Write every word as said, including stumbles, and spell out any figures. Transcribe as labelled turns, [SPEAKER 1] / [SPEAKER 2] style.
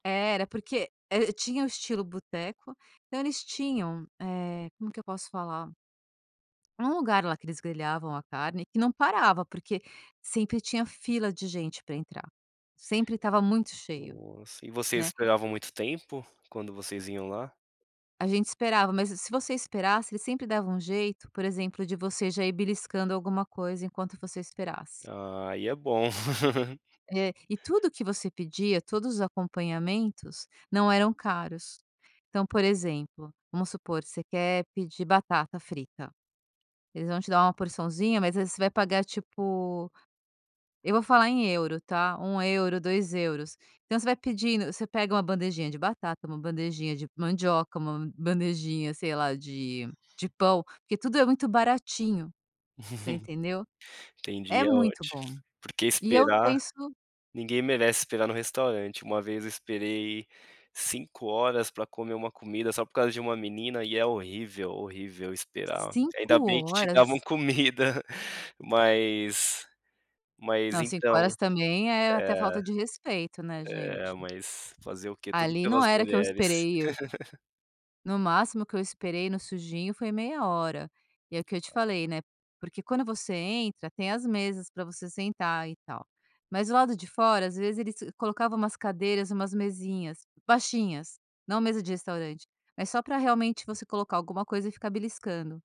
[SPEAKER 1] É, era porque e e tinha o estilo "boteco", então eles tinham, eh, como que eu posso falar um lugar lá, que eles grelhavam a carne e não parava porque, sempre tinha fila de gente pra entrar, sempre estava muito cheio,
[SPEAKER 2] Nossa e vocês
[SPEAKER 1] né.
[SPEAKER 2] esperavam muito tempo, quando vocês iam lá?
[SPEAKER 1] A gente esperava mas se se você esperasse, eles sempre davam um jeito, por exemplo, de você já ir beliscando alguma coisa enquanto você esperasse.
[SPEAKER 2] Ah aí é bom.
[SPEAKER 1] É, e tudo que você pedia, todos os acompanhamentos, não eram caros. Então, por exemplo, vamos supor: você quer pedir batata frita. Eles vão te dar uma porçãozinha, mas aí você vai pagar tipo, eu vou falar em euro tá? um euro, dois euros. Então você vai pedindo você pega uma bandejinha de batata, uma bandejinha de mandioca, uma bandejinha, sei lá, de de pão, porque tudo é muito baratinho. Você entendeu? É
[SPEAKER 2] Entendi. É
[SPEAKER 1] muito
[SPEAKER 2] ótimo,
[SPEAKER 1] bom!
[SPEAKER 2] porque
[SPEAKER 1] E eu
[SPEAKER 2] esperar,
[SPEAKER 1] penso
[SPEAKER 2] ninguém merece esperar no restaurante. Uma vez eu esperei cinco horas para comer uma comida, só por causa de uma menina e é horrível, horrível esperar, ainda
[SPEAKER 1] cinco
[SPEAKER 2] bem que te davam
[SPEAKER 1] horas?
[SPEAKER 2] comida, mas mas,
[SPEAKER 1] Não, cinco
[SPEAKER 2] então,
[SPEAKER 1] horas também, é é até
[SPEAKER 2] eh,
[SPEAKER 1] falta de respeito, né,
[SPEAKER 2] é,
[SPEAKER 1] gente?
[SPEAKER 2] mas fazer o quê? Tudo
[SPEAKER 1] Ali não
[SPEAKER 2] pelas
[SPEAKER 1] era que eu
[SPEAKER 2] mulheres.
[SPEAKER 1] esperei, e o no máximo que eu esperei, no sujinho, foi meia hora, e é o que eu te
[SPEAKER 2] É
[SPEAKER 1] falei, né porque quando você entra, tem as mesas pra você sentar e tal. Mas o lado de fora, às vezes, eles colocava umas cadeiras, umas mesinhas, baixinhas, não mesa de restaurante, é só para, realmente, você colocar alguma coisa e ficar beliscando.